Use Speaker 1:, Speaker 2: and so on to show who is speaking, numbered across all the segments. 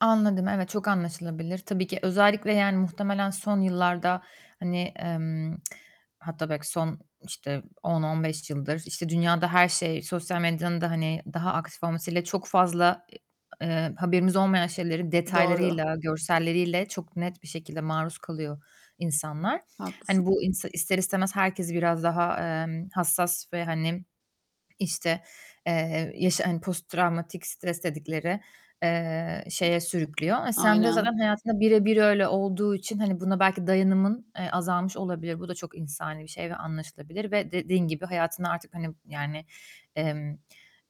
Speaker 1: Anladım. Evet, çok anlaşılabilir. Tabii ki. Özellikle, yani, muhtemelen son yıllarda, hani, emm, hatta belki son, işte, 10-15 yıldır, işte, dünyada her şey sosyal medyanın da, hani, daha aktif olmasıyla çok fazla, eee, haberimiz olmayan şeyleri
Speaker 2: Doğru.
Speaker 1: detaylarıyla, görselleriyle çok net bir şekilde maruz kalıyor insanlar.
Speaker 2: Haklısın.
Speaker 1: Hani, bu ins ister istemez herkesi biraz daha, emm, hassas ve, hani, işte, eee, yaşa hani, post travmatik stres dedikleri, eee, şeye sürüklüyor. E, sende zaten
Speaker 2: Aynen.
Speaker 1: hayatında bire bir öyle olduğu için, hani, buna belki dayanımın, eee, azalmış olabilir. Bu da çok insani bir şey ve anlaşılabilir. Ve dediğin gibi hayatını artık, hani, yani, emm,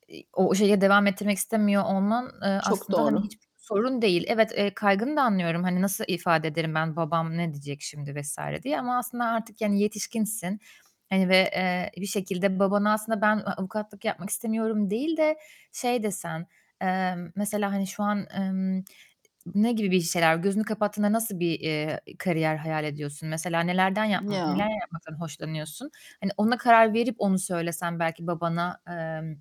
Speaker 1: iii, o şeye devam ettirmek istemiyor olman, eee,
Speaker 2: Çok
Speaker 1: aslında, hani,
Speaker 2: doğru.
Speaker 1: hiçbir sorun değil. Evet, eee, kaygını da anlıyorum. Hani, "Nasıl ifade ederim ben, babam ne diyecek şimdi?" vs. diye. Ama aslında artık, yani, yetişkinsin. Hani, ve, eee, bir şekilde babana aslında, "Ben a-avukatlık yapmak istemiyorum." değil de şey desen, eee, mesela, hani, şu an, emm, ne gibi bir şeyler gözünü kapattığında nasıl bir, eee, kariyer hayal ediyorsun? Mesela nelerden yapm neler
Speaker 2: Ya!
Speaker 1: yapmaktan hoşlanıyorsun? Hani, ona karar verip onu söylesen belki babana, emm,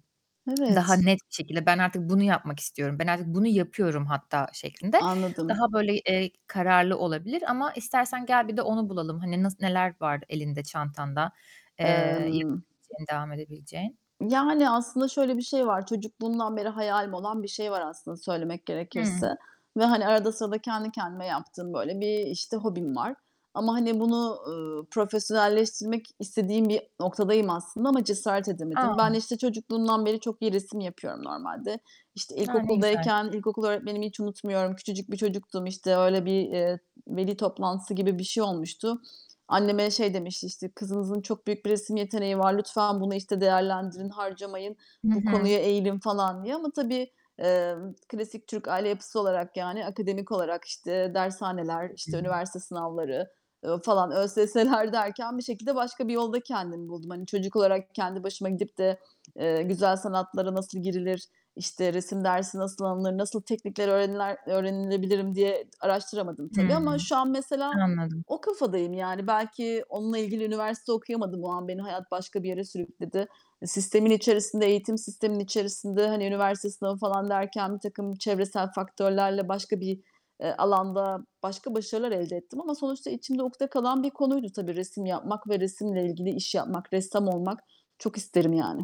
Speaker 1: daha
Speaker 2: Evet.
Speaker 1: net bir şekilde, "Ben artık bunu yapmak istiyorum. Ben artık bunu yapıyorum hatta." şeklinde
Speaker 2: Anladım.
Speaker 1: daha böyle, eee, kararlı olabilir. Ama istersen gel bir de onu bulalım. Hani, nas neler var elinde, çantanda, eee,
Speaker 2: Emm
Speaker 1: yapabileceğin, devam edebileceğin?
Speaker 2: Yani, aslında şöyle bir şey var. Çocukluğumdan beri hayalim olan bir şey var aslında söylemek
Speaker 1: Hıı.
Speaker 2: gerekirse. Ve, hani, arada sırada kendi kendime yaptığım, böyle, bir, işte, hobim var. Ama, hani, bunu, ııı, profesyonelleştirmek istediğim bir noktadayım aslında ama cesaret edemedim. Ben,
Speaker 1: A!
Speaker 2: işte, çocukluğumdan beri çok iyi resim yapıyorum normalde. İşte,
Speaker 1: A, ne güzel!
Speaker 2: ilkokuldayken ilkokul öğretmenimi hiç unutmuyorum. Küçücük bir çocuktum, işte, öyle bir, eee, veli toplantısı gibi bir şey olmuştu. Anneme şey demişti, işte, "Kızınızın çok büyük bir resim yeteneği var. Lütfen bunu, işte, değerlendirin, harcamayın.
Speaker 1: Hı
Speaker 2: Bu
Speaker 1: hı.
Speaker 2: konuya eğilin." falan diye. Ama tabii, emm, klasik Türk aile yapısı olarak, yani, akademik olarak, işte, dershaneler,
Speaker 1: Hı
Speaker 2: işte,
Speaker 1: hı.
Speaker 2: üniversite sınavları, ııı, falan, ÖSS'ler derken bir şekilde başka bir yolda kendimi buldum. Hani, çocuk olarak kendi başıma gidip de, eee, güzel sanatlara nasıl girilir, işte, resim dersi nasıl alınır, nasıl teknikler öğreniler öğrenebilirim diye araştıramadım tabii.
Speaker 1: Hıı,
Speaker 2: Ama şu an, mesela,
Speaker 1: anladım.
Speaker 2: o kafadayım, yani. Belki onunla ilgili üniversite okuyamadım. O an beni hayat başka bir yere sürükledi. E, sistemin içerisinde, eğitim sisteminin içerisinde, hani, üniversite sınavı, falan, derken birtakım çevresel faktörlerle başka bir, eee, alanda başka başarılar elde ettim. Ama sonuçta içimde ukde kalan bir konuydu tabii resim yapmak ve resimle ilgili iş yapmak. Ressam olmak çok isterim yani.